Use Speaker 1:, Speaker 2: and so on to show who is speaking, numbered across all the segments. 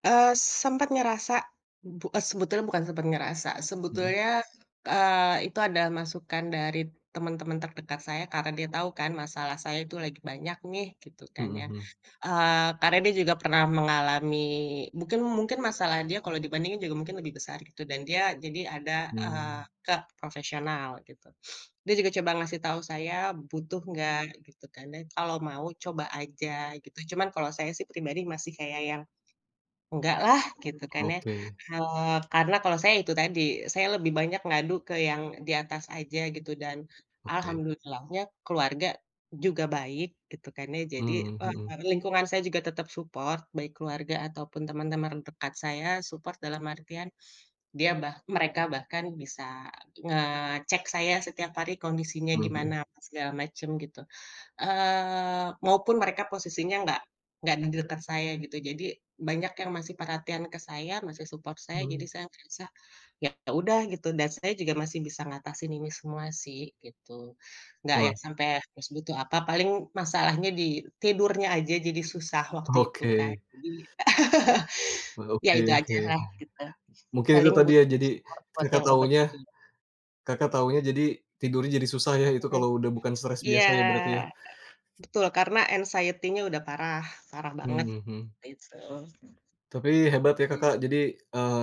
Speaker 1: Eee, sempet ngerasa, bu s sebetulnya bukan sempet ngerasa,
Speaker 2: Mhm.
Speaker 1: sebetulnya, eee, itu ada masukan dari teman-teman terdekat saya, karena dia tahu kan masalah saya itu lagi banyak nih, gitu kan
Speaker 2: Mhm
Speaker 1: ya.
Speaker 2: mhm.
Speaker 1: Eee, karena dia juga pernah mengalami mungkin mungkin masalah dia kalau dibandingin juga mungkin lebih besar, gitu, dan dia jadi ada, eee,
Speaker 2: Hmm.
Speaker 1: ke profesional, gitu. Dia juga coba ngasih tahu saya, butuh nggak gitu dan kalau mau coba aja, gitu. Cuman kalau saya pribadi masih kayak yang, enggak lah, gitu kan ya.
Speaker 2: Oke.
Speaker 1: Kalau, karena kalau saya itu tadi, saya lebih banyak ngadu ke yang di atas aja, gitu, dan
Speaker 2: Oke.
Speaker 1: alhamdulillahnya, keluarga juga baik gitu kan ya, jadi,
Speaker 2: Mhm
Speaker 1: eee,
Speaker 2: mhm.
Speaker 1: [unintelligible] lingkungan saya juga tetap support baik keluarga ataupun teman-teman dekat saya support dalam artian dia bah mereka bahkan bisa ngecek saya setiap hari kondisinya gimana,
Speaker 2: Mhm.
Speaker 1: apa segala macem gitu. Eee, maupun mereka posisinya nggak nggak di dekat saya gitu. Jadi, banyak yang masih perhatian ke saya, masih support saya, jadi
Speaker 2: Mhm.
Speaker 1: saya merasa, ya udah gitu. Dan saya juga masih bisa mengatasi ini semua sih, gitu. Nggak
Speaker 2: Wah.
Speaker 1: yang sampai terus butuh apa paling masalahnya di tidurnya aja jadi susah waktu itu kan,
Speaker 2: Oke.
Speaker 1: jadi ya
Speaker 2: Oke
Speaker 1: itu
Speaker 2: oke,
Speaker 1: ajalah gitu,
Speaker 2: mungkin itu
Speaker 1: paling
Speaker 2: tadi ya
Speaker 1: butuh
Speaker 2: jadi,
Speaker 1: support buat
Speaker 2: Kakak
Speaker 1: obat
Speaker 2: taunya
Speaker 1: yang itu.
Speaker 2: Kakak taunya jadi, tidurnya jadi susah ya itu
Speaker 1: Oke.
Speaker 2: kalau udah bukan stres
Speaker 1: Iya,
Speaker 2: biasa ya, berarti ya.
Speaker 1: betul karena anxiety-nya udah parah parah
Speaker 2: Mhm
Speaker 1: banget,
Speaker 2: mhm.
Speaker 1: gitu.
Speaker 2: Tapi hebat ya Kakak
Speaker 1: [unintelligible]
Speaker 2: jadi, eee,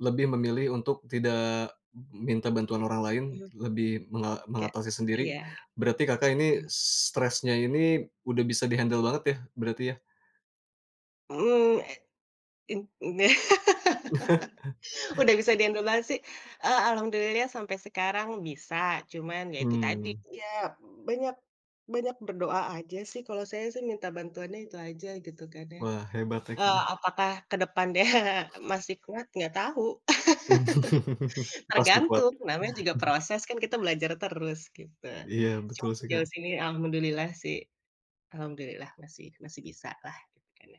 Speaker 2: lebih memilih untuk tidak minta bantuan orang lain,
Speaker 1: Mhm.
Speaker 2: lebih menga
Speaker 1: Kayak
Speaker 2: mengatasi sendiri.
Speaker 1: iya.
Speaker 2: Berarti Kakak ini stresnya ini, udah bisa di-handle banget ya, berarti ya.
Speaker 1: Mhm, e mmm, e udah bisa di handle banget sih, eee, alhamdulillah sampai sekarang bisa, cuman ya itu tadi
Speaker 2: Hmm.
Speaker 1: ya banyak banyak berdoa aja sih, kalau saya sih minta bantuannya itu aja, gitu kan.
Speaker 2: Wah hebat tek
Speaker 1: Eee,
Speaker 2: hmm.
Speaker 1: apakah ke depannya masih kuat, nggak tahu.
Speaker 2: Pasti kuat.
Speaker 1: Tergantung, namanya juga proses kan kita belajar terus, gitu.
Speaker 2: Iya
Speaker 1: Cuman
Speaker 2: betul sih,
Speaker 1: sejauh
Speaker 2: Kak.
Speaker 1: ini alhamdulillah sih, alhamdulillah masih masih bisa lah, gitu kan ya.